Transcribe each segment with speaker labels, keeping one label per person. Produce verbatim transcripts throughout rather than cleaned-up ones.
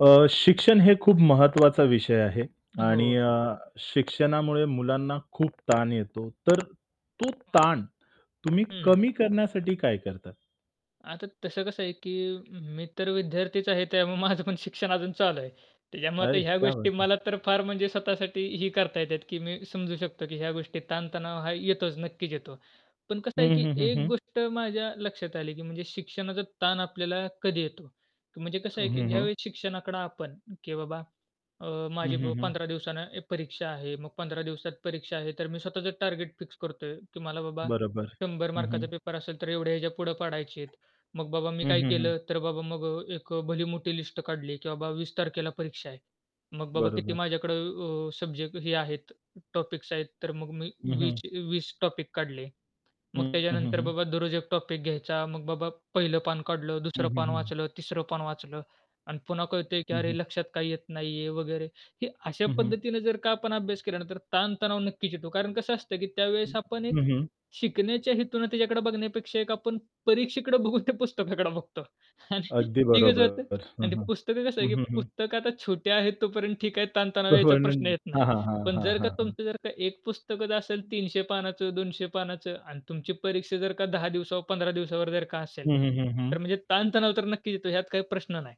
Speaker 1: अ, शिक्षण हे खूप महत्त्वाचा विषय आहे आणि
Speaker 2: हो.
Speaker 1: अ, शिक्षणामुळे मुलांना खूप ताण येतो, तर तो ताण तुम्ही
Speaker 2: हं.
Speaker 1: कमी करण्यासाठी काय करता?
Speaker 2: आता तसं कसं आहे, की मी तर विद्यार्थीच आहे त्यामुळे माझं पण शिक्षण अजून चालू आहे. त्याच्यामुळे आता
Speaker 1: अरे,
Speaker 2: ह्या
Speaker 1: क्या बात
Speaker 2: गोष्टी
Speaker 1: है.
Speaker 2: मला तर फार म्हणजे स्वतःसाठी ही करता येतात, की मी समजू शकतो, की ह्या गोष्टी ताणतणाव हा येतोच, नक्कीच येतो. पण कसं आहे,
Speaker 1: हं,
Speaker 2: की
Speaker 1: हं, हं,
Speaker 2: एक
Speaker 1: हं.
Speaker 2: गोष्ट माझ्या लक्षात आली, की म्हणजे शिक्षणाचा ताण आपल्याला कधी येतो? की म्हणजे कसं
Speaker 1: हं,
Speaker 2: आहे, की
Speaker 1: हं, हं.
Speaker 2: ज्यावेळी शिक्षणाकडे आपण, की बाबा अ,
Speaker 1: हं,
Speaker 2: माझी ब
Speaker 1: हं, हं.
Speaker 2: पंधरा दिवसानं ऐ परीक्षा आहे, मग पंधरा दिवसात परीक्षा आहे तर मी स्वतःच टार्गेट फिक्स करतोय, की मला बाबा
Speaker 1: बरोबर.
Speaker 2: शंभर
Speaker 1: हं,
Speaker 2: मार्काचा
Speaker 1: हं.
Speaker 2: पेपर असेल तर एवढ्या ह्याच्या पुढे पाडायचे आहेत. मग बाबा मी
Speaker 1: हं,
Speaker 2: काय
Speaker 1: हं, हं.
Speaker 2: केलं तर बाबा मग अ, एक अ, भली मोठी लिस्ट काढली, की बाबा वीस तारखेला परीक्षा आहे. मग बाबा किती
Speaker 1: बरोबर.
Speaker 2: माझ्याकडे अ, सब्जेक्ट हे आहेत, टॉपिक्स आहेत तर मग मी
Speaker 1: हं,
Speaker 2: वीस
Speaker 1: हं.
Speaker 2: चे वीस टॉपिक काढले.
Speaker 1: हं,
Speaker 2: मग
Speaker 1: हं, हं,
Speaker 2: त्याच्यानंतर
Speaker 1: हं.
Speaker 2: बाबा दररोज एक टॉपिक घ्यायचा. मग बाबा पहिलं पान काढलं,
Speaker 1: हं,
Speaker 2: दुसरं
Speaker 1: हं,
Speaker 2: पान
Speaker 1: हं.
Speaker 2: वाचलं, तिसरं पान वाचलं आणि पुन्हा कळतंय, की
Speaker 1: हं,
Speaker 2: अरे,
Speaker 1: हं.
Speaker 2: लक्षात काही येत नाहीये वगैरे. हे अशा
Speaker 1: हं, हं.
Speaker 2: पद्धतीने जर का आपण अभ्यास केला ना तर ताणतणाव नक्कीच येतो. कारण कसं असतं, की
Speaker 1: हं,
Speaker 2: त्यावेळेस आपण
Speaker 1: हं,
Speaker 2: एक
Speaker 1: हं.
Speaker 2: शिकण्याच्या हेतूने त्याच्याकडे बघण्यापेक्षा एक आपण परीक्षेकडे बघून ते पुस्तकाकडे बघतो आणि
Speaker 1: अगदी
Speaker 2: ते कसं होतं
Speaker 1: बरोबर. हं,
Speaker 2: आणि ते
Speaker 1: हं.
Speaker 2: पुस्तक कसं आहे,
Speaker 1: हं,
Speaker 2: की
Speaker 1: हं, हं.
Speaker 2: पुस्तक आता छोट्या आहेत तोपर्यंत ठीक आहे,
Speaker 1: [unintelligible]
Speaker 2: ताणतणाव
Speaker 1: हां,
Speaker 2: याचा प्रश्न येत नाही.
Speaker 1: हां, हां,
Speaker 2: पण
Speaker 1: हां,
Speaker 2: जर का
Speaker 1: हां, हां.
Speaker 2: तुमचं जर का एक पुस्तकच असेल तीनशे पानाचं, दोनशे पानाचं आणि तुमची परीक्षा जर का दहा दिवसावर, पंधरा दिवसावर जर का असेल,
Speaker 1: हं, हं, हं, हं.
Speaker 2: तर म्हणजे ताणतणाव तर नक्कीच येतो ह्यात काही प्रश्न नाही.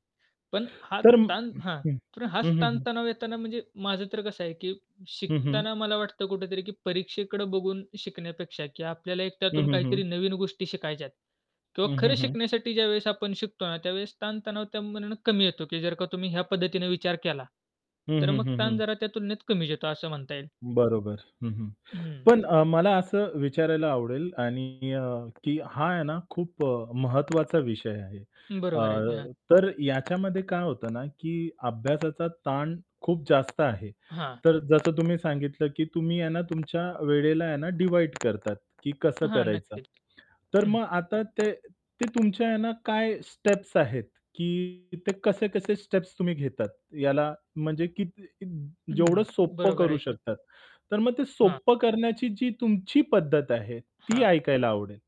Speaker 2: पण हा
Speaker 1: तर हं,
Speaker 2: ताण हां,
Speaker 1: हं.
Speaker 2: तर हाच
Speaker 1: हं, हं, हं.
Speaker 2: ताणतणाव येताना म्हणजे माझं तर कसं आहे, की
Speaker 1: हं, हं.
Speaker 2: शिकताना मला वाटतं कुठेतरी, की परीक्षेकडे बघून शिकण्यापेक्षा की आपल्याला एक
Speaker 1: हं,
Speaker 2: त्यातून
Speaker 1: हं,
Speaker 2: काहीतरी
Speaker 1: हं.
Speaker 2: नवीन गोष्टी शिकायच्यात किंवा
Speaker 1: हं,
Speaker 2: खरं
Speaker 1: हं, हं.
Speaker 2: शिकण्यासाठी ज्यावेळेस आपण शिकतो ना, त्यावेळेस ताणतणाव त्यामानाने कमी येतो, की जर का तुम्ही ह्या पद्धतीने विचार केला,
Speaker 1: हं,
Speaker 2: तर
Speaker 1: हं,
Speaker 2: मग
Speaker 1: हं,
Speaker 2: ताण
Speaker 1: हं.
Speaker 2: जरा त्या तुलनेत कमीच येतो असं म्हणता येईल.
Speaker 1: बरोबर. हं, हं,
Speaker 2: हं.
Speaker 1: पण अ, मला असं विचारायला आवडेल आणि अ, की हा आहे ना खूप अ, महत्त्वाचा विषय आहे. अ,
Speaker 2: बरोबर आहे की, हां.
Speaker 1: तर याच्यामध्ये काय होतं ना, की अभ्यासाचा ताण खूप जास्त आहे.
Speaker 2: हां.
Speaker 1: तर जसं तुम्ही सांगितलं, की तुम्ही आहे ना, तुमच्या वेळेला आहे ना डिव्हाइड करतात, की कसं
Speaker 2: हां,
Speaker 1: करायचं.
Speaker 2: नक्कीच,
Speaker 1: तर
Speaker 2: हं.
Speaker 1: मग आता ते ते तुमच्या आहे ना काय स्टेप्स आहेत? की ते कसे-कसे स्टेप्स तुम्ही घेतात? याला म्हणजे किती कित जेवढं
Speaker 2: हं,
Speaker 1: सोपं
Speaker 2: बरोबर
Speaker 1: करू
Speaker 2: आहे की.
Speaker 1: शकतात. तर मग ते
Speaker 2: हां.
Speaker 1: सोपं करण्याची जी तुमची पद्धत आहे, ती
Speaker 2: हां.
Speaker 1: ऐकायला आवडेल.